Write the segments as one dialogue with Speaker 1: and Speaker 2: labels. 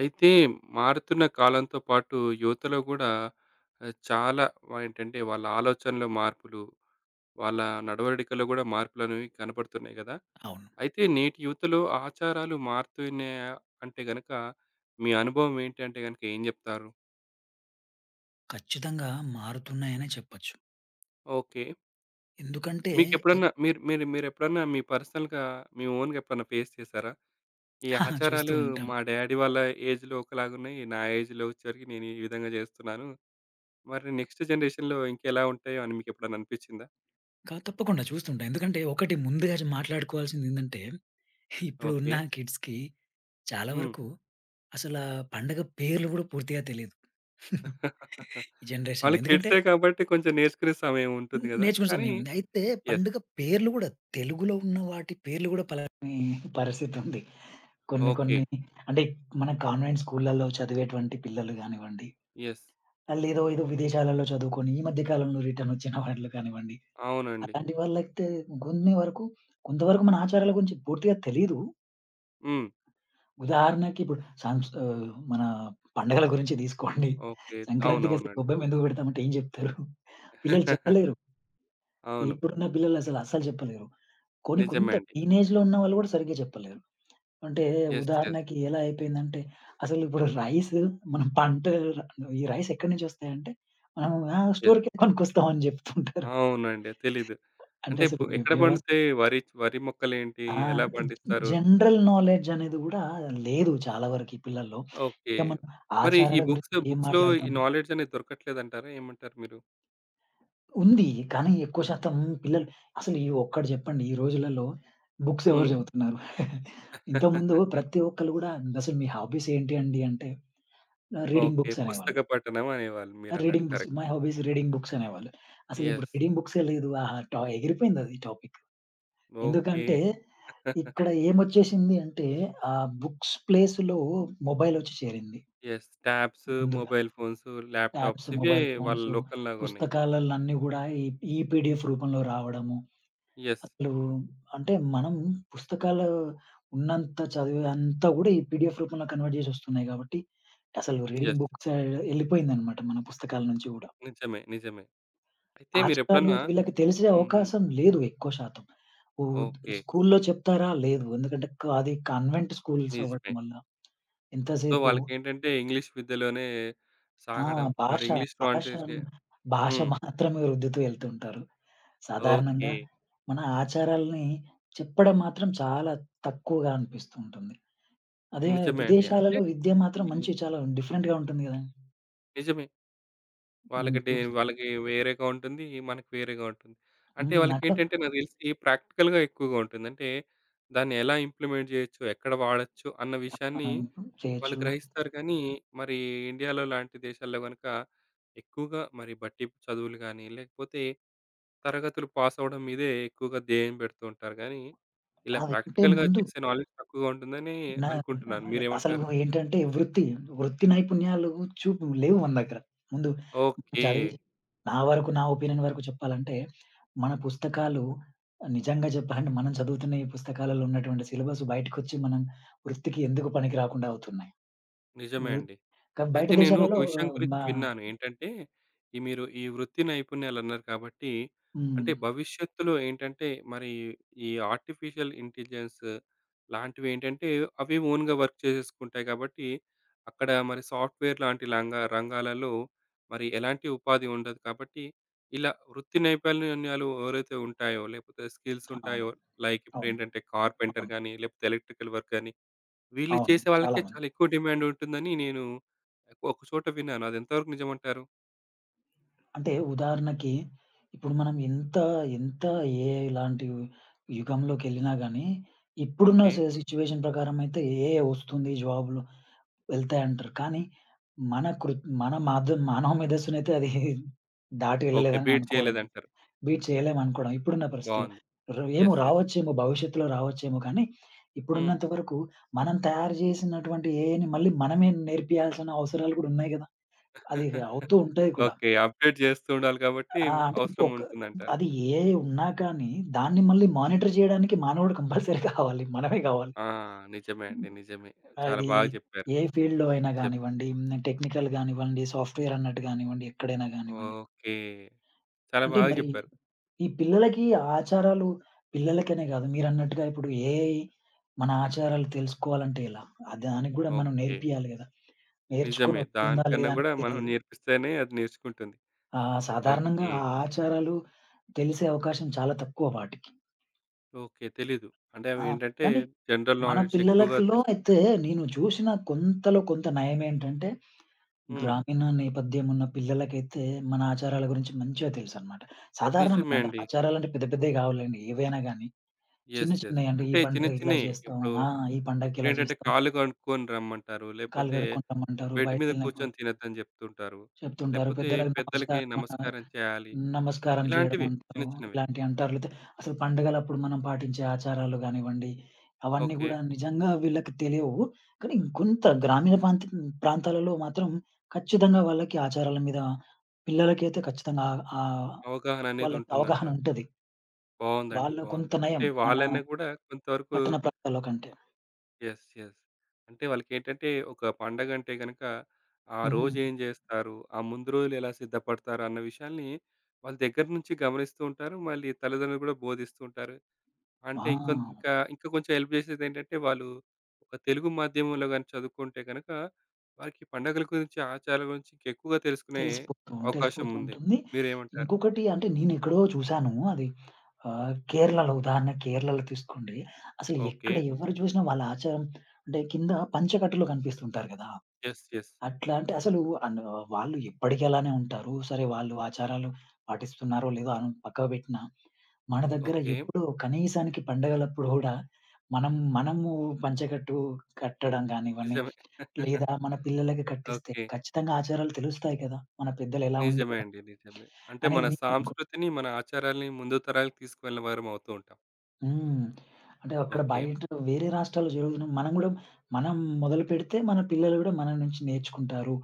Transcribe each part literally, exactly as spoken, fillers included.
Speaker 1: అయితే మారుతున్న కాలంతో పాటు యువతలో గూడా ఆహ్, చాలా వ ఏంటంటే, వాళ్ళ ఆలోచనలో మార్పులు. వాళ్ళ నడవడికలో గూడా మార్పులనేవి కనపడుతున్నాయి గదా!
Speaker 2: అవును.
Speaker 1: అయితే నేటి యువతలో ఆచారాలు మారుతున్నాయా అంటే గనక, మీ అనుభవం ఏంటి అంటే గనక ఏం జెప్తారు?
Speaker 2: ఖచ్చితంగా మారుతున్నాయనే చెప్పొచ్చు.
Speaker 1: ఓకే.
Speaker 2: ఎందుకంటే, ఈ
Speaker 1: మీకెప్పుడన్నా మీరు మీరు మీరెప్పుడన్నా మీ పర్సనల్‌గా, మీ ఓనుగెప్పుడన్నా ఫేస్ చేసారా? ఈ
Speaker 2: చూస్తూ
Speaker 1: ఆచారాలు
Speaker 2: ఉంటాం.
Speaker 1: మా డ్యాడీ వాళ్ళ ఏజ్‌లో ఒకలాగున్నయి. నా ఏజ్‌లో ఒచ్చేవరికి నేనీవిధంగా జేస్తున్నాను. మరి నెక్స్ట్ జనరేషన్‌లో ఇంకెలా ఉంటాయో అని మీకెప్పుడన్నా అనిపిచ్చిందా?
Speaker 2: క తప్పకుండా చూస్తుంటాం. ఎందుకంటే, ఒకటి ముందుగా చ్ మాట్లాడుకోవాల్సిదేందంటే, ఇప్పుడు ఉన్న
Speaker 1: ఓకే.
Speaker 2: కిడ్స్‌కి చాలా
Speaker 1: హ్మ్.
Speaker 2: వరకు, అసల పండగ పేర్లు గూడా పూర్తిగా తెలీదు. ఈ
Speaker 1: వాళ్ళ
Speaker 2: జనరేషన్‌లో ఎందుకంటే
Speaker 1: కిడ్సే కాబట్టి కొంచెం నేర్చుకునే సమయం ఉంటుంది
Speaker 2: హ్మ్.
Speaker 1: గదా!
Speaker 2: నేర్చుకునే
Speaker 1: కానీ
Speaker 2: సమయముంది. అయితే
Speaker 1: యెస్.
Speaker 2: పండుగ పేర్లు గూడా తెలుగులో ఉన్న వాటి, పేర్లు గూడా పలకని పరిస్థితుంది. కొన్ని కొన్ని
Speaker 1: ఓకే.
Speaker 2: అంటే మన కాన్వెంటు స్కూలల్లో చదివేటువంటి పిల్లలు గానివ్వండి.
Speaker 1: యెస్.
Speaker 2: మళ్ళీ ఏదో ఏదో విదేశాలల్లో చదువుకొని ఈ మధ్య కాలంలో రిటర్నొచ్చిన వాళ్ళు కానివ్వండి.
Speaker 1: అవునండి.
Speaker 2: అట్లాంటి వాళ్ళైతే, గొన్నె వరకు కొంతవరకు మన ఆచారాల గురించి పూర్తిగా తెలీదు.
Speaker 1: హ్మ్.
Speaker 2: ఉదాహరణకి, ఇప్పుడు సంస్ ఆహ్, మన పండగల గురించి తీసుకోండి.
Speaker 1: ఓకే.
Speaker 2: సంక్రాంతికసలు
Speaker 1: అవునవునండి.
Speaker 2: గొబ్బెమ్మెందుకు పెడతాం అంటే ఏం జెప్తారు? పిల్లలు చెప్పలేరు.
Speaker 1: అవును.
Speaker 2: ఇప్పుడున్న పిల్లలు అసలు అస్సలు చెప్పలేరు. కొన్ని
Speaker 1: నిజమే
Speaker 2: కొంత
Speaker 1: అండి.
Speaker 2: టీనేజ్‌లో ఉన్నవాళ్ళు కూడా సరిగ్గా చెప్పలేరు. అంటే
Speaker 1: యెస్. యెస్.
Speaker 2: ఉదాహరణకి ఎలా అయిపోయిందంటే, అసలిప్పుడు రైసు మనం పంట ర నువ్వు ఈ రైస్ ఎక్కడనుంచొస్తాయంటే, మనం ఆ!
Speaker 1: యెస్.
Speaker 2: స్టోర్‌కెళ్ళి కొనుక్కొస్తాం అని చెప్తుంటారు.
Speaker 1: అవునండి. తెలీదు.
Speaker 2: అంటే
Speaker 1: అంటే ఇప్పు
Speaker 2: అసలు వ్య
Speaker 1: ఎక్కడ
Speaker 2: వ్యవస్
Speaker 1: పండుతాయి? వరిచ్ వరి మొక్కలేంటి?
Speaker 2: ఆ!
Speaker 1: ఎలా
Speaker 2: అంటే
Speaker 1: పండిస్తారు?
Speaker 2: జనరల్ నాలెడ్జ్ అనేది కూడా లేదు చాలా వరకు ఈ పిల్లల్లో.
Speaker 1: ఓకే.
Speaker 2: ఇంక మనం
Speaker 1: మరి ఈ
Speaker 2: ఆచారాల
Speaker 1: బుక్స్,
Speaker 2: గురించి ఏం
Speaker 1: బుక్స్‌లో ఈ
Speaker 2: మాట్లాడతాం?
Speaker 1: నాలెడ్జ్ అనేది దొరకట్లేదు అంటారా? ఏమంటారు మీరు?
Speaker 2: ఉంది. కానీ, ఎక్కువ శాతం పిల్లలు అసలు ఈ ఒక్కటి చెప్పండి? ఈ రోజులల్లో బుక్స్ ఎవరు
Speaker 1: హ్మ్.
Speaker 2: చదువుతున్నారు? ఇంతకు ముందు ప్రతి ఒక్కళ్ళు కూడా అసలు మీ హాబీసేంటి అండి అంటే ఆహ్, రీడింగ్
Speaker 1: ఓకే.
Speaker 2: బుక్స్ అనేవాళ్ళు.
Speaker 1: పుస్తక పఠనం అనేవాళ్ళు
Speaker 2: ఆ!
Speaker 1: మీరన్నట్టు.
Speaker 2: Reading books,
Speaker 1: correct.
Speaker 2: My hobby is reading books అనేవాళ్ళు. అసలిప్పుడు
Speaker 1: యెస్.
Speaker 2: రీడింగ్ బుక్సే లేదు. ఆహా! టో ఎగిరిపోయిందది టాపిక్.
Speaker 1: ఓకే.
Speaker 2: ఎందుకంటే, ఇక్కడ ఏమొచ్చేసింది అంటే, ఆ బుక్స్ ప్లేస్‌లో మొబైల్ ఒచ్చి చేరింది...
Speaker 1: యెస్. ట్యాబ్సు,
Speaker 2: ముందుగా.
Speaker 1: మొబైల్ ఫోన్సు,
Speaker 2: ట్యాబ్సు,
Speaker 1: ల్యాప్‌టాప్స్ ఇవే
Speaker 2: మొబైల్
Speaker 1: వాళ్ళ
Speaker 2: ఫోన్సు,
Speaker 1: లోకంలాగా ఉన్నాయి.
Speaker 2: పుస్తకాల్లని కూడా ఈ ఈ పిడిఎఫ్ రూపంలో రావడము,
Speaker 1: యెస్.
Speaker 2: అసలు అంటే మనం పుస్తకాలు ఉన్నంత చదువుంతా కూడా ఈ పిడిఎఫ్ రూపంలో కన్వర్ట్ జేసొస్తున్నాయి కాబట్టి అసలు రీడింగ్
Speaker 1: యెస్.
Speaker 2: బుక్సె ఎళ్ళిపోయిందన్నమాట మన పుస్తకాల నుంచి గూడా.
Speaker 1: నిజమే. నిజమే. అయితే
Speaker 2: ఆచారాలు
Speaker 1: మీరెప్పుడన్నా
Speaker 2: వీళ్ళకి తెలిసే
Speaker 1: హుహు.
Speaker 2: అవకాశం లేదు ఎక్కువ శాతం. ఉత్
Speaker 1: ఓకే.
Speaker 2: స్కూలులో చెప్తారా? లేదు. ఎందుకంటే, క అది కన్వెంట్ స్కూల్స్ అవ్వడం
Speaker 1: నిజమే.
Speaker 2: వల్ల.
Speaker 1: సో,
Speaker 2: ఎంతసేపు
Speaker 1: వాళ్ళకేంటంటే ఇంగ్లీష్ విద్యలోనే
Speaker 2: ఆ!
Speaker 1: సాగడం, మరి
Speaker 2: భాష,
Speaker 1: ఇంగ్లీష్‌లో అంటే చే
Speaker 2: భాషన్ భాష
Speaker 1: హ్మ్.
Speaker 2: మాత్రమే రుద్దుతూ ఎళ్తుంటారు. సాధారణంగా,
Speaker 1: ఓకే.
Speaker 2: మన ఆచారాల్ని చెప్పడం మాత్రం చాలా తక్కువగా అనిపిస్తూ ఉంటుంది. అదే
Speaker 1: నిజమే అండి. అంటే
Speaker 2: విదేశాలలో, విద్య మాత్రం
Speaker 1: హ్మ్.
Speaker 2: మంచి చాలా డిఫరెంట్‌గా ఉంటుంది గదండి.
Speaker 1: నిజమే.
Speaker 2: హ్మ్.
Speaker 1: వాళ్ళకి డే
Speaker 2: ఇప్పుడొస్తా
Speaker 1: వాళ్ళకి వేరేగా ఉంటుంది, మనకి వేరేగా ఉంటుంది. అంటే
Speaker 2: హ్మ్.
Speaker 1: వాళ్ళకి
Speaker 2: అక్కడ
Speaker 1: ఏంటంటే నాకు దెలిసి ప్రాక్టికల్‌గా ఎక్కువగా ఉంటుంది. అంటే దాన్ని ఎలా ఇంప్లిమెంట్ చేయొచ్చు. ఎక్కడ వాడొచ్చు అన్న
Speaker 2: ఆ! ఆ!
Speaker 1: విషయాన్ని,
Speaker 2: ఇంప్రూవ్
Speaker 1: వాళ్ళు
Speaker 2: చేయొచ్చు.
Speaker 1: గ్రహిస్తారు కానీ, మరి ఇండియాలో లాంటి దేశాల్లో గనక. ఎక్కువగా మరి బట్టి చదువులు గానీ, లేకపోతే తరగతులు పాసవ్వడం మీదే ఎక్కువగా ధ్యేయం పెడుతూంటరు గానీ,
Speaker 2: ఆ!
Speaker 1: ఇలా
Speaker 2: వేకట్టే
Speaker 1: ప్రాక్టికల్‌గా
Speaker 2: ముందు
Speaker 1: చేసే నాలెడ్జ్ తక్కువగా ఉంటుందని
Speaker 2: న
Speaker 1: అనుకుంటున్నాను.
Speaker 2: అసలు
Speaker 1: మీరేమంటారు?
Speaker 2: ఏంటంటే వృత్తి, వృత్తి నైపుణ్యాలు చూపు లేవు మన దగ్గర. ముందు చదివి,
Speaker 1: ఓకే.
Speaker 2: నా వరకు నా ఒపీనియన్ వరకు చెప్పాలంటే? మన పుస్తకాలు నిజంగా చెప్పాలంటే, మనం చదువుతున్న ఈ పుస్తకాలలో ఉన్నటువంటి సిలబసు బయటకొచ్చి. మనం వృత్తికి ఎందుకు పనికి రాకుండా అవుతున్నాయి.
Speaker 1: నిజమే
Speaker 2: వృ
Speaker 1: అండి.
Speaker 2: కా బయట
Speaker 1: అయితే నేను ఒక
Speaker 2: దేశాలలో
Speaker 1: విషయం గురించి
Speaker 2: మా
Speaker 1: విన్నాను. ఏంటంటే ఈ మీరు ఈ వృత్తి నైపుణ్యాలు అన్నారు కాబట్టి,
Speaker 2: హ్మ్.
Speaker 1: అంటే
Speaker 2: హ్మ్.
Speaker 1: భవిష్యత్తులో ఏంటంటే మరి ఈ ఆర్టిఫిషియల్ ఇంటెలిజెన్స్ లాంటివి ఏంటంటే, అవి ఓన్‌గా వర్క్ చేసేసుకుంటాయి గాబట్టి. అక్కడ మరి సాఫ్ట్‌వేర్ లాంటి లంగా రంగాలలో. మరి ఎలాంటి ఉపాధి ఉండదు కాబట్టి, ఇలా వృత్తి నైపుణ్యాలు ఎవరైతే ఉంటాయో? లేకపోతే
Speaker 2: అవును.
Speaker 1: స్కిల్సుంటాయో? లైక్
Speaker 2: అవును.
Speaker 1: ఇప్పుడేంటంటే, కార్పెంటర్
Speaker 2: అవును.
Speaker 1: గానీ, లేకపోతే ఎలక్ట్రికల్ వర్కనీ, వీళ్ళు
Speaker 2: అవును. చాలా
Speaker 1: చేసేవాళ్లకే
Speaker 2: మంది.
Speaker 1: చాలా ఎక్కువ డిమాండుంటుందని, నేను ఒక చోట విన్నాను. అది ఎంతవరకు నిజం అంటారు
Speaker 2: అంటే ఉదాహరణకి ఇప్పుడు మనం ఇంత ఇంత ఏఐ లాంటివి యుగంలోకెళ్ళినా గాని ఇప్పుడున్న స
Speaker 1: ఓకే.
Speaker 2: సిచ్యు‌వేషన్ ప్రకారమయితే ఏఐ ఒస్తుంది జాబ్‌లు వెళ్తాయంటరు. కానీ మన కృత్ మన మాధం మానవ మేధస్సునైతే అది దాటి
Speaker 1: ఓకే.
Speaker 2: ఎళ్ళలేదని
Speaker 1: బీట్
Speaker 2: అనుకోడం,
Speaker 1: చేయలేదంటారు.
Speaker 2: బీట్ చేయలేమనుకోడం ఇప్పుడున్న పరిస్థితుల్లో.
Speaker 1: బావుంది.
Speaker 2: రే ఏమో
Speaker 1: యెస్. యెస్.
Speaker 2: రావొచ్చేమో భవిష్యత్తులో రావచ్చేమో కానీ
Speaker 1: హ్మ్.
Speaker 2: ఇప్పుడున్నంత వరకు మనం తయారు జేసినటువంటి ఏఐని మళ్ళీ మనమే నేర్పియాల్సిన అవసరాలు గూడా ఉన్నయి గదా! అది ఇగ అవుతూ ఉంటాయి కూడా.
Speaker 1: ఓకే. అప్‌డేట్ జేస్తూ ఉండాలి కాబట్టి
Speaker 2: ఆహ్, అంటే ఇంకొక
Speaker 1: అవసరముంటుందంటారు.
Speaker 2: అది ఏఐ ఉన్నా కానీ దాన్ని మళ్ళీ మానిటర్ జేయడానికి మానవుడు కంపల్సరీ కావాలి. మనమే గావాలి.
Speaker 1: ఆ! నిజమే అండి. నిజమే. చాలా
Speaker 2: అది
Speaker 1: బాగా జెప్పారు.
Speaker 2: ఏ ఫీల్డ్‌లో అయినా
Speaker 1: నిజం.
Speaker 2: గానివ్వండి, హ్మ్. టెక్నికల్ గానివ్వండి, సాఫ్ట్‌వేరన్నట్టు గానివ్వండి, ఎక్కడైనా గానివ్వండి.
Speaker 1: ఓకే. చాలా
Speaker 2: అంటే
Speaker 1: బాగా
Speaker 2: మరి
Speaker 1: జెప్పారు.
Speaker 2: ఈ పిల్లలకి ఆచారాలు పిల్లలకనే గాదు. మీరన్నట్టుగా ఇప్పుడు ఏఐ మన ఆచారాలు తెలుసుకోవాలంటే ఎలా? ఆ దానిగ్గూడా మనం
Speaker 1: ఓకే.
Speaker 2: నేర్పియాలి గదా!
Speaker 1: నిజమే.
Speaker 2: నేర్చుకోనొత్తుందా
Speaker 1: దానికన్నా
Speaker 2: లేదా
Speaker 1: గూడా
Speaker 2: అనేది
Speaker 1: మనం
Speaker 2: తెలీదు.
Speaker 1: నేర్పిస్తేనే అది నేర్చుకుంటుంది.
Speaker 2: ఆహ్, సాధారణంగా
Speaker 1: ఓకే.
Speaker 2: ఆ ఆచారాలు తెలిసే అవకాశం చాలా తక్కువ వాటికి
Speaker 1: ఓకే. తెలీదు అంటే
Speaker 2: ఆ!
Speaker 1: అవేంటంటే
Speaker 2: కానీ
Speaker 1: జనరల్
Speaker 2: మన
Speaker 1: నాలెడ్జ్ ఎక్కువగా
Speaker 2: పిల్లలకిలో
Speaker 1: తెలుస్తాయి.
Speaker 2: అయితే నేను జూశిన కొంతలో కొంత నయమేంటంటే
Speaker 1: హ్మ్.
Speaker 2: గ్రామీణ నేపథ్యం ఉన్న పిల్లలకైతే మన ఆచారాల గురించి మంచిగా తెలుసన్నమాట. సాధారణం
Speaker 1: నిజమే
Speaker 2: అంటే
Speaker 1: అండి.
Speaker 2: ఆచారాలంటే పెద్ద పెద్దయి గావులెండి ఏవైనా గాని. చిన్న
Speaker 1: యెస్! యెస్!
Speaker 2: చిన్నయంటే ఈ
Speaker 1: అంటే చిన్న
Speaker 2: పండుగకి ఇలా
Speaker 1: చిన్నయే
Speaker 2: జేస్తాం
Speaker 1: ఇప్పుడు
Speaker 2: ఆ! ఈ పండగకి ఇలా
Speaker 1: ఇప్పుడేంటంటే
Speaker 2: జేస్తాం.
Speaker 1: కాళ్ళు గనుక్కొని రమ్మంటారు.
Speaker 2: కాళ్ళు
Speaker 1: లేపోతే
Speaker 2: గడుక్కొని రమ్మంటారు
Speaker 1: బెడ్ మీద
Speaker 2: బయటకేళ్ళినప్పుడు.
Speaker 1: కూర్చొని తినొద్దని జెప్తుంటారు.
Speaker 2: చెప్తుంటారు.
Speaker 1: లేపోతే
Speaker 2: పెద్దలకు
Speaker 1: పెద్దలకి
Speaker 2: నమస్కారమనో
Speaker 1: నమస్కారం చేయాలి.
Speaker 2: నమస్కారం
Speaker 1: ఇలాంటివి
Speaker 2: జేయడమంటారు
Speaker 1: చిన్న చిన్నవి.
Speaker 2: ఇలాంటియంటారు లేతే అసలు పండుగలప్పుడు మనం పాటించే ఆచారాలు గానివ్వండి అవన్నీ
Speaker 1: ఓకే.
Speaker 2: గూడా నిజంగా వీళ్ళకి తెలియవు. కానీ ఇంకొంత గ్రామీణ ప్రాంత ప్రాంతాలలో మాత్రం ఖచ్చితంగా వాళ్ళకి ఆచారాల మీద పిల్లలకైతే ఖచ్చితంగా ఆ ఆహ్,
Speaker 1: అవగాహన అనేది
Speaker 2: వాళ్ళకి అవగాహన
Speaker 1: ఉంటుందంటారు?
Speaker 2: ఉంటది.
Speaker 1: బావుందండి.
Speaker 2: వాళ్ళు
Speaker 1: బావుంది.
Speaker 2: కొంత నయం
Speaker 1: అంటే
Speaker 2: మన
Speaker 1: వాళ్ళనే గుడా కొంతవరకు
Speaker 2: పట్టణ ప్రాంతాల్లో కంటే.
Speaker 1: యెస్! యెస్! అంటే వాళ్ళకేంటంటే ఒక పండగంటే గనక ఆ
Speaker 2: హుహు.
Speaker 1: రోజు ఏం జేస్తారు ఆ ముందు రోజులు ఎలా సిద్ధపడతారు అన్న విషయాన్ని వాళ్ళ దగ్గర నుంచి గమనిస్తూ ఉంటారు మళ్ళీ తల్లిదండ్రులు గూడా బోధిస్తూంటారు. అంటే
Speaker 2: ఆ!
Speaker 1: ఇంకొంతకా ఇంకా కొంచెం హెల్ప్ జేసేది ఏంటంటే వాళ్ళు ఒక తెలుగు మాధ్యమంలో గాని చదువుకుంటే గనక వారికి పండగల గురించి ఆచారాల గురించి ఇంకేక్కువగా తెలుసుకునే
Speaker 2: తెలిసిపోతు తెలిసిపోతూ
Speaker 1: అవకాశముంది.
Speaker 2: ఉంటుంది.
Speaker 1: మీరేమంటారు?
Speaker 2: ఇంకొకటి అంటే నేనెక్కడో చూసాను అది. ఆహ్, కేరళలో ఉదాహరణ కేరళలో తీసుకోండి. అసలు ఎక్కడ
Speaker 1: ఓకే.
Speaker 2: ఎవరు జూసినా వాళ్ళ ఆచారం అంటే కింద పంచ కట్టలు కనిపిస్తుంటారు గదా!
Speaker 1: యెస్! యెస్!
Speaker 2: అట్లా అంటే అసలు అను వాళ్ళు ఎప్పడికి అలానే ఉంటారు. సరే వాళ్ళు ఆచారాలు పాటిస్తున్నారో లేదో అన్ పక్కకి బెట్టిన మన దగ్గర
Speaker 1: ఓకే.
Speaker 2: ఎప్పుడూ కనీసానికి పండుగలప్పుడు గూడా మనం మనము పంచెకట్టు కట్టడం గానివన్ని
Speaker 1: నిజమే.
Speaker 2: లేదా మన పిల్లలకి కట్టిస్తే
Speaker 1: ఓకే.
Speaker 2: ఖచ్చితంగా ఆచారాలు తెలుస్తాయి కదా! మన పెద్దలు ఎలా
Speaker 1: నిజమే
Speaker 2: ఉండేవారు.
Speaker 1: అండి. నిజమే. అంటే
Speaker 2: అనేది
Speaker 1: మన
Speaker 2: నీ నాగు
Speaker 1: సాంస్కృతిని, మన ఆచారాల‌ని ముందు తరాలకు తీసుకెళ్ళిన వారమవుతూ ఉంటాం.
Speaker 2: హ్మ్. అంటే అక్కడ
Speaker 1: ఓకే.
Speaker 2: బయట. వేరే రాష్ట్రాల్లో జరుగుతున మనం గూడా, మనం మొదలుపెడితే మన పిల్లలు గూడా, మన నుంచి నేర్చుకుంటారు.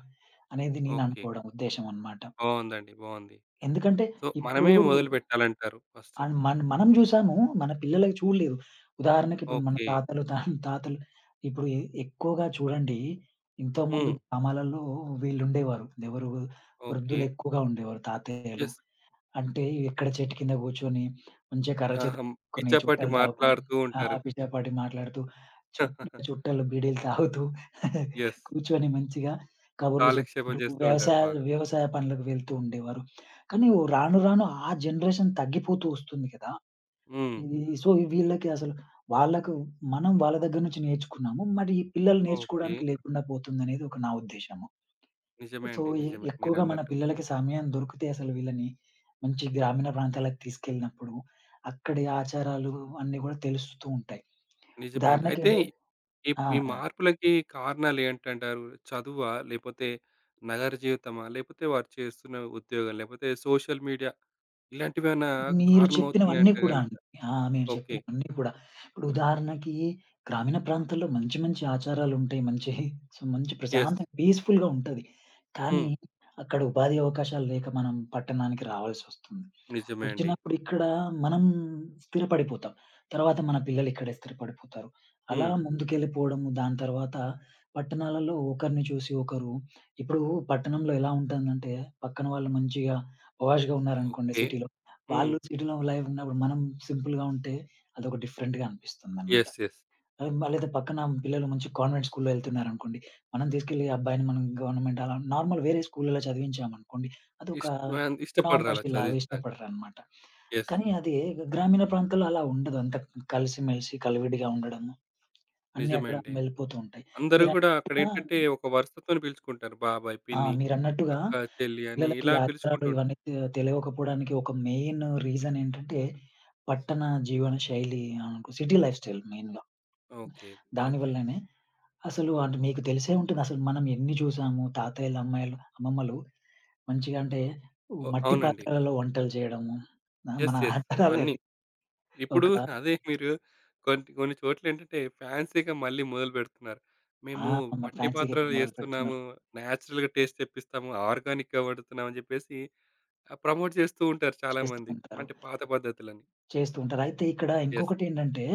Speaker 2: అనేది
Speaker 1: ఓకే.
Speaker 2: నేననుకోవడం ఉద్దేశం అన్నమాట.
Speaker 1: బావుందండి. బావుంది.
Speaker 2: ఎందుకంటే
Speaker 1: సో,
Speaker 2: ఇప్పుడూ
Speaker 1: మనమే మొదలుపెట్టాలంటారు ఫస్టు.
Speaker 2: అండ్ మన్ మనం జూసాము. మన పిల్లలకి చూడలేదు. ఉదాహరణకిప్పుడు, మన
Speaker 1: ఓకే.
Speaker 2: తాతలు, తాతలు ఇప్పుడు ఎ ఎక్కువగా చూడండి. ఇంతకు ముందు
Speaker 1: హ్మ్.
Speaker 2: గ్రామాలలో వీళ్ళుండేవారు. ఎవరు?
Speaker 1: ఓకే.
Speaker 2: వృద్ధులెక్కువగా ఉండేవారు. తాతయ్యలు.
Speaker 1: యెస్.
Speaker 2: అంటే ఎక్కడ చెట్టు కింద గూర్చొని, మంచిగా కర్ర
Speaker 1: ఆహా!
Speaker 2: చేత
Speaker 1: హ్మ్.
Speaker 2: పట్టుకొని,
Speaker 1: పిచ్చా పాటి
Speaker 2: చుట్టలు తాగుకుని,
Speaker 1: మాట్లాడుతూ
Speaker 2: ఆ
Speaker 1: ఉంటారు.
Speaker 2: పిచ్చపాటి మాట్లాడుతూ, చు చుట్టలు, బీడీలు తాగుతూ
Speaker 1: యెస్.
Speaker 2: కూర్చొని, మంచిగా కబుర్లు
Speaker 1: కాలక్షేపం
Speaker 2: జెప్పుకుంటూ,
Speaker 1: జేస్తూంటారు
Speaker 2: వ్యవసాయ,
Speaker 1: బాగా.
Speaker 2: వ్యవసాయ పనులకు వెళ్తూండేవారు. కానీ, ఒ రాను రాను ఆ జనరేషన్ తగ్గిపోతూ ఒస్తుంది గదా!
Speaker 1: హ్మ్.
Speaker 2: హ్మ్. సో, వీళ్ళకి అసలు, వాళ్ళకు మనం వాళ్ళ దగ్గర నుంచి నేర్చుకున్నాము. మరి ఈ పిల్లలు
Speaker 1: ఓకే.
Speaker 2: నేర్చుకోవడానికి లేకుండా పోతుందనేది, ఒక నా ఉద్దేశము.
Speaker 1: నిజమే
Speaker 2: సో,
Speaker 1: అండి.
Speaker 2: ఎ
Speaker 1: నిజమే
Speaker 2: ఎక్కువగా మన
Speaker 1: మీరన్నట్టు.
Speaker 2: పిల్లలకి సమయం దొరికితే అసలు వీళ్ళని, మంచి గ్రామీణ ప్రాంతాలకి తీసుకెళ్ళినప్పుడు. అక్కడి ఆచారాలు అన్నీ గూడా తెలుస్తూ ఉంటాయి.
Speaker 1: నిజమే అండి.
Speaker 2: ఉదాహరణకి
Speaker 1: అయితే
Speaker 2: అంటే
Speaker 1: ఇప్
Speaker 2: ఆ!
Speaker 1: ఈ
Speaker 2: ఆ!
Speaker 1: మార్పులకి కారణాలేంటంటారు? చదువా? లేపోతే నగర జీవితమా? లేపోతే వారు చేస్తున్న ఉద్యోగాలు? లేపోతే సోషల్ మీడియా? ఇలాంటివేమన్నా
Speaker 2: మీరు చెప్పినవన్నీ
Speaker 1: కారణమవుతున్నాయంటే
Speaker 2: కూడా
Speaker 1: గనక
Speaker 2: అండి. ఆ! మీరు
Speaker 1: ఓకే.
Speaker 2: చెప్పినవన్నీ గూడా. ఇప్పుడు ఉదాహరణకి గ్రామీణ ప్రాంతాల్లో, మంచి మంచి ఆచారాలుంటాయి. మంచి హి మంచి
Speaker 1: యెస్.
Speaker 2: ప్రశాంతంగా పీస్‌ఫుల్‌గా ఉంటది. కానీ,
Speaker 1: హ్మ్.
Speaker 2: అక్కడ ఉపాధి అవకాశాలు లేక, మనం పట్టణానికి రావాల్సొస్తుంది.
Speaker 1: నిజమే అండి.
Speaker 2: ఒచ్చినప్పుడు ఇక్కడ మనం స్థిరపడిపోతాం. తర్వాత మన పిల్లలిక్కడే స్థిరపడిపోతారు. అలా
Speaker 1: హ్మ్.
Speaker 2: ముందుకెళ్లిపోడము, దాని తర్వాత పట్టణాలల్లో ఒకరిని చూసి ఒకరు ఇప్పుడు పట్టణంలో ఎలా ఉంటందంటే, పక్కన వాళ్ళు మంచిగా పాష్‌గా ఉన్నారనుకోండి
Speaker 1: ఓకే.
Speaker 2: సిటీ‌లో.
Speaker 1: హ్మ్.
Speaker 2: వాళ్లు సిటీ‌లో లైఫూన్నప్పుడు. మనం సింపుల్‌గా ఉంటే అదొక డిఫరెంట్‌గా అనిపిస్తుందన్నమాట.
Speaker 1: యెస్. యెస్.
Speaker 2: ఆ అదే పక్కన పిల్లలు మంచి కాన్వెంట్ స్కూల్‌లో ఎళ్తున్నారనుకోండి. మనం తీసుకెళ్లి, ఆ అబ్బాయిని మనం గవర్నమెంట్ నార్మల్ వేరే స్కూలలో చదివించాం అనుకోండి, అదొక
Speaker 1: ఇ‌ష్ట వా ఇష్టపడరలా
Speaker 2: నా‌మోషి లాగ
Speaker 1: చదివిచ్చడానికి.
Speaker 2: ఇష్టపడరన్నమాట.
Speaker 1: యెస్.
Speaker 2: కానీ, అది గ్రామీణ ప్రాంతాల్లో అలా ఉండదు. అంతా కలిసి, మెలిసి కలివిడిగా ఉండడం. అన్నీ,
Speaker 1: నిజమే
Speaker 2: అక్కడ
Speaker 1: అండి.
Speaker 2: వెళ్ళిపోతూ ఉంటాయి.
Speaker 1: అందరూ గూడా,
Speaker 2: మీరన్నట్టుగా
Speaker 1: అక్కడేంటంటే ఒక వరుసతోని పిలుచుకుంటారు. బాబాయ్,
Speaker 2: ఆ!
Speaker 1: పిన్ని,
Speaker 2: మీరన్నట్టుగా
Speaker 1: అక్కా, చెల్లి అని
Speaker 2: పిల్లలకి
Speaker 1: ఇలా
Speaker 2: ఆచారాలు
Speaker 1: పిలుచుకుంటారు.
Speaker 2: ఇవన్నీ, తె తెలివకపోవడానికి ఒక మెయిన్ రీజనేంటంటే. పట్టణ జీవన శైలి. అనుక సిటీ లైఫ్‌స్టైల్ మెయిన్‌గా.
Speaker 1: ఓకే. ఓకే.
Speaker 2: దానివల్లనే, అసలు అంటె మీకు తెలిసే ఉంటదసలు. మనం ఎన్ని జూసాము. తాతయ్యలు, అమ్మాయిలు అమ్మమ్మలు, మంచిగంటే వు
Speaker 1: ఓహ్!
Speaker 2: మట్టి
Speaker 1: అవునండి.
Speaker 2: పాత్రలలో వంటలు చేయడము. ఆ మన
Speaker 1: యెస్. యెస్
Speaker 2: ఆచారలే
Speaker 1: అవన్నీ.
Speaker 2: అది. ఒక
Speaker 1: ఇప్పుడూ అదే మీరు కొన్ని, కొన్ని చోట్లేంటంటే ఫాన్సీ‌గా మళ్ళీ మొదలుబెడుతున్నారు.
Speaker 2: ఆ!
Speaker 1: మేము
Speaker 2: మరి
Speaker 1: మట్టి
Speaker 2: ఫాన్సీ‌గా
Speaker 1: పాత్రలో
Speaker 2: ఇప్పుడు
Speaker 1: జేస్తున్నాము,
Speaker 2: మొదలుపెడుతున్నారు.
Speaker 1: నేచరల్‌గా టేస్ట్ తెప్పిస్తాము, ఆర్గానిక్‌గా వండుతున్నాము, అని జేప్పేసి. ప్రమోట్ జేస్తూంటారు
Speaker 2: చేస్తూ
Speaker 1: చాలామంది.
Speaker 2: ఉంటారు.
Speaker 1: అంటే పాత పద్ధతులని.
Speaker 2: చేస్తూ ఉంటారు. అయితే ఇక్కడ
Speaker 1: యెస్.
Speaker 2: ఇంకొకటేంటంటే,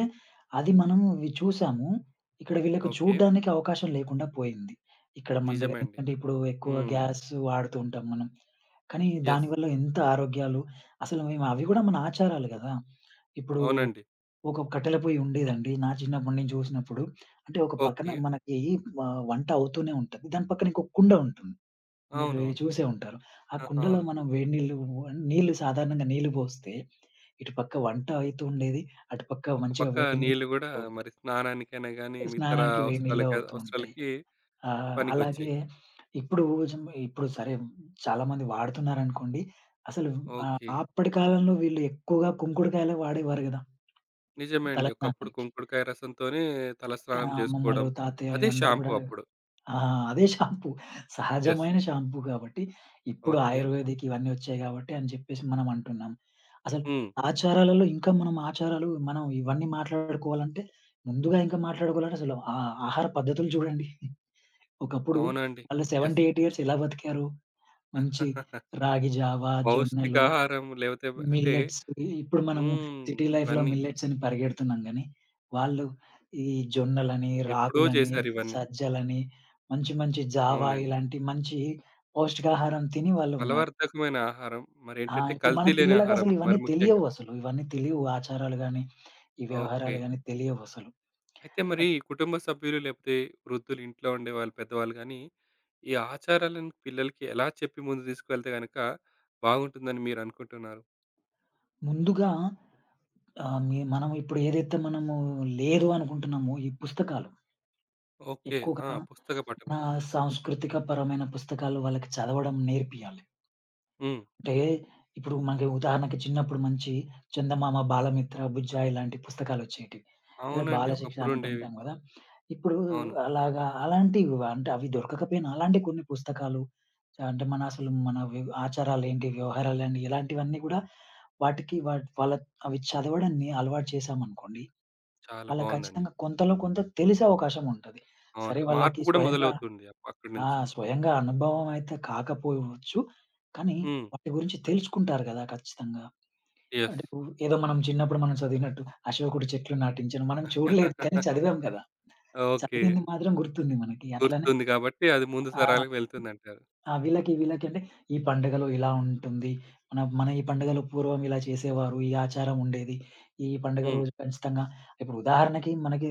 Speaker 2: అది మనము అవి చూసాము. ఇక్కడ వీళ్ళకి
Speaker 1: ఓకే.
Speaker 2: చూడ్డానికి అవకాశం లేకుండా పోయింది. ఇక్కడ మన
Speaker 1: నిజమే అండి.
Speaker 2: దగ్గరెందుకంటే ఇప్పుడు ఎక్కువ
Speaker 1: హ్మ్.
Speaker 2: గ్యాసు వాడుతూ ఉంటాం మనం. కానీ,
Speaker 1: యెస్.
Speaker 2: దానివల్ల ఎంత ఆరోగ్యాలు, అసలు మేమవి గూడా మన ఆచారాలు గదా! ఇప్పుడు
Speaker 1: అవునండి.
Speaker 2: ఒక కట్టెల పొయ్యుండేదండి. నా చిన్నప్పుడు నేను జూసినప్పుడు. అంటే ఒక పక్కన
Speaker 1: ఓకే.
Speaker 2: మనకి వ వంట అవుతూనే ఉంటది. దాని పక్కనింకో కుండ ఉంటుంది. మీకు
Speaker 1: అవునవును.
Speaker 2: చూసే ఉంటారు. ఆ
Speaker 1: అ!
Speaker 2: కుండలో
Speaker 1: అవును.
Speaker 2: మనం వేడినీళ్లు, నీళ్లు సాధారణంగా నీళ్లు పోస్తే. ఇటుపక్క వంటాయితుండేది. అటుపక్క
Speaker 1: ఒక
Speaker 2: మంచిగా
Speaker 1: పక్క
Speaker 2: వేడి నీళ్ళు
Speaker 1: నీళ్లు గూడా,
Speaker 2: గూడా ఉంటాయి.
Speaker 1: మరి స్నానానికైనా గానీ,
Speaker 2: అ
Speaker 1: మితర
Speaker 2: స్నానానికి వేడి
Speaker 1: అవసరాల
Speaker 2: నీళ్లు
Speaker 1: కాదు,
Speaker 2: అవుతూ ఉంటాయి.
Speaker 1: అవసరాలకి
Speaker 2: ఆహ్,
Speaker 1: పనికొచ్చాయి.
Speaker 2: అలాగే ఇప్పుడు జ ఇప్పుడు, సరే చాలా మంది వాడుతున్నారనుకోండి. అసలు ఆహ్,
Speaker 1: ఓకే.
Speaker 2: అప్పడి కాలంలో వీళ్ళు ఎక్కువగా కుంకుడుకాయలే వాడేవారు గదా!
Speaker 1: నిజమే
Speaker 2: తల
Speaker 1: అండి. ఒకప్పుడు
Speaker 2: స్నానానికి.
Speaker 1: కుంకుడుకాయ రసం‌తోనే,
Speaker 2: ఆ!
Speaker 1: తలస్నానం
Speaker 2: అమ్మమ్మలు,
Speaker 1: జేసుకోడం.
Speaker 2: తాతయ్య ఈ
Speaker 1: అదే
Speaker 2: అందరూ
Speaker 1: షాంపూ
Speaker 2: గూడా
Speaker 1: అప్పుడు.
Speaker 2: ఆ! అదే షాంపూ.
Speaker 1: యెస్.
Speaker 2: సహజమైన షాంపూ గాబట్టి. ఇప్పుడు
Speaker 1: ఓకే.
Speaker 2: ఆయుర్వేదికివన్నీ ఒచ్చాయి గాబట్టి. అని జేప్పేసి మనం అంటున్నాం. అసలు
Speaker 1: హ్మ్.
Speaker 2: ఆచారాలలో ఇంకా, మనం ఆచారాలు మనం ఇవన్నీ మాట్లాడుకోవాలంటే, ముందుగా ఇంకా మాట్లాడుకోవాలంటే అసలు ఆహ్, ఆహార పద్ధతులు చూడండి. ఒకప్పుడు
Speaker 1: అవునండి.
Speaker 2: వాళ్ళు
Speaker 1: యెస్.
Speaker 2: సెవెంటీ ఎయిటీ ఇయర్స్ ఎలా బతికారు? మంచి రాగి జావ, జొన్నలు,
Speaker 1: పౌష్టికాహారం లేపోతే బ అంటే
Speaker 2: మిల్లెట్స్. ఇవి ఇప్పుడు, మనము
Speaker 1: హ్మ్.
Speaker 2: సిటీ లైఫ్‌లో
Speaker 1: ఇవన్నీ.
Speaker 2: మిల్లెట్సని పరిగెడుతున్నాం గానీ, వాళ్ళు ఈ జొన్నలని,
Speaker 1: ఎప్పుడో
Speaker 2: రాగులని,
Speaker 1: జేసారివన్నీ.
Speaker 2: సజ్జలని, మంచి మంచి జావా
Speaker 1: అవునండి.
Speaker 2: ఇలాంటి మంచి పౌష్టికాహారం తిని వాళ్ళున్నారు.
Speaker 1: బలవర్ధకమైన ఆహారం,
Speaker 2: ఆ!
Speaker 1: మరేంటంటే
Speaker 2: ఇప్పుడు మన
Speaker 1: కల్తీ లేని ఆహారం
Speaker 2: పిల్లలకసలు ఇవన్నీ
Speaker 1: మరి ముఖ్యంగా.
Speaker 2: తెలియవు అసలు, ఇవన్నీ తెలీవు. ఆచారాలు గానీ, ఈ వ్యవహారాలు
Speaker 1: ఓకే.
Speaker 2: గానీ, తెలియవసలు.
Speaker 1: అయితే
Speaker 2: అ
Speaker 1: మరి కుటుంబ సభ్యులు లేపోతే వృద్ధులింట్లో ఉండేవాళ్ళు. పెద్దవాళ్ళు గానీ, ఈ ఆచారాలను పిల్లలకి ఎలా చెప్పి, ముందుకు దీసుకెళ్తే గనక బావుంటుందని మీరనుకుంటున్నారు?
Speaker 2: ముందుగా ఆహ్! మీ మనమిప్పుడు ఏదైతే మనము లేదు అనుకుంటున్నామో ఈ పుస్తకాలు.
Speaker 1: ఓకే. ఆ!
Speaker 2: ఎక్కువగా
Speaker 1: పుస్తక పఠనం.
Speaker 2: ఆహ్, సాంస్కృతిక పరమైన పుస్తకాలు వాళ్ళకి చదవడం నేర్పియ్యాలి.
Speaker 1: హ్మ్.
Speaker 2: అంటే, ఇప్పుడు మరి ఉదాహరణకు, చిన్నపుడు మంచి చందమామ, బాలమిత్ర, బుజ్జాయి, ఇలాంటి పుస్తకాలోచ్చేటివి లేద,
Speaker 1: అవునండి.
Speaker 2: బాలశిక్ష
Speaker 1: ఒకప్పుడుండేవి.
Speaker 2: అనంటుంటాం గదా! ఇప్పుడు
Speaker 1: అవును.
Speaker 2: అలాగా, అలాంటివి అంటే, అవి దొరకకపోయినా అలాంటి కొన్ని పుస్తకాలు అంటే, మన అసలు మన వివ్ ఆచారాలెంటి? వ్యవహారాలన్ని, ఇలాంటివన్నీ గూడా వాటికి, వాట్‌ వాళ్ అవి చదవడాన్ని అలవాటు చేశామనుకోండి,
Speaker 1: చాలా
Speaker 2: వాళ్ళ
Speaker 1: బాగుందండి.
Speaker 2: కచ్చితంగా కొంతలో కొంత, తెలిసే అవకాశముంటది.
Speaker 1: అవును.
Speaker 2: సరే వాళ్ళకి
Speaker 1: మార్పు గూడా
Speaker 2: స్వయంగా
Speaker 1: మొదలవుతుంది అపక్
Speaker 2: ఆ!
Speaker 1: అక్కడినుంచి.
Speaker 2: స్వయంగా అనుభవం అయితే కాకపోవచ్చు. కానీ
Speaker 1: హ్మ్.
Speaker 2: వాటి గురించి తెలుసుకుంటారు గదా! ఖచ్చితంగా. అంటే
Speaker 1: యెస్.
Speaker 2: ఇప్పుడు ఏదో మనం చిన్నప్పుడు మనం చదివినట్టు అశోకుడి చెట్లు నాటించెను, మనం చూడలేదు కానీ, చదివాం గదా!
Speaker 1: ఓకే.
Speaker 2: చదివింది మాత్రం గుర్తుంది మనకి. అట్లనే
Speaker 1: గుర్తుంది గాబట్టి, అది ముందు
Speaker 2: ఆ!
Speaker 1: తరాలకు వెళ్తుదంటారు.
Speaker 2: ఆ! వీళ్ళకి, వీళ్ళకి అంటే, ఈ పండుగలు ఇలా ఉంటుంది. మనం మన ఈ పండుగలు పూర్వం ఇలా చేసేవారు, ఈ ఆచారముండేది. ఈ పండుగ
Speaker 1: హ్మ్.
Speaker 2: రోజు ఖచ్చితంగా ఇప్పుడు ఉదాహరణకి, మనకి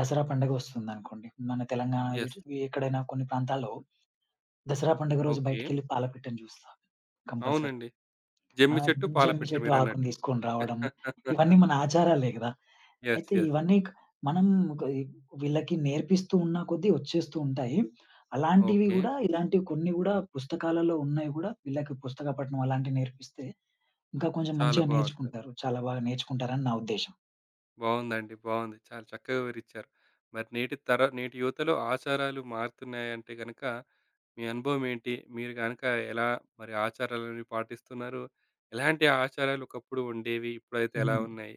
Speaker 2: దసరా పండుగ ఒస్తుందనుకోండి, మన తెలంగాణా
Speaker 1: యెస్.
Speaker 2: ఎటు ఎక్కడైనా కొన్ని ప్రాంతాల్లో దసరా పండుగ రోజు
Speaker 1: ఓకే.
Speaker 2: బయటికెళ్ళి పాలపిట్టను జూస్తాం కంపల్సరీ.
Speaker 1: అవునండి.
Speaker 2: ఆ!
Speaker 1: జమ్మి చెట్టు,
Speaker 2: జమ్మి
Speaker 1: పాలపిట్ట
Speaker 2: చెట్టు ఆకుని
Speaker 1: మీరన్నట్టు.
Speaker 2: తీసుకొని రావడము, ఇవన్నీ మన ఆచారాలే గదా!
Speaker 1: యెస్.
Speaker 2: అయితే
Speaker 1: యెస్.
Speaker 2: ఇవన్నీ క్ మనం కోయి వీళ్ళకి నేర్పిస్తూ ఉన్న కొద్దీ ఒచ్చేస్తూంటాయి. అలాంటివి
Speaker 1: ఓకే.
Speaker 2: గూడా, ఇలాంటివి కొన్ని గూడా, పుస్తకాలలో ఉన్నాయి గూడా, వీళ్ళకి పుస్తక పఠనం అలాంటివి నేర్పిస్తే, ఇంకా కొంచెం
Speaker 1: చాలా
Speaker 2: మంచిగా
Speaker 1: బావుంటది.
Speaker 2: నేర్చుకుంటారు. చాలా బాగా నేర్చుకుంటారని నా ఉద్దేశ్యం.
Speaker 1: బావుందండి. బావుంది. చాలా చక్కగా వివరించారు. మరి నేటి తర నేటి యువతలో ఆచారాలు మారుతున్నాయంటే గనుక, మీ అనుభవం ఏంటి? మీరు గనుక ఎలా మరి ఆచారాలన్నీ పాటిస్తున్నారు? ఎలాంటి ఆచారాలు ఒకప్పుడు ఉండేవి? ఇప్పుడైతే ఎలా
Speaker 2: హ్మ్.
Speaker 1: ఉన్నాయి?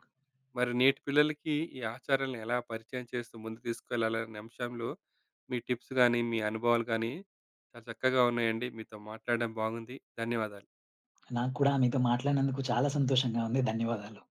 Speaker 1: మరి నేటి పిల్లలకి ఈ ఆచారాలను ఎలా పరిచయం చేస్తూ ముందుకు తీసుకెళ్లాలి? అనే అంశంలో, మీ టిప్స్ గానీ, మీ అనుభవాలు గానీ, చాలా చక్కగా ఉన్నాయండి. మీతో మాట్లాడం బాగుంది. ధన్యవాదాలు.
Speaker 2: నాకు కూడా మీతో మాట్లాడినందుకు చాలా సంతోషంగా ఉంది. ధన్యవాదాలు.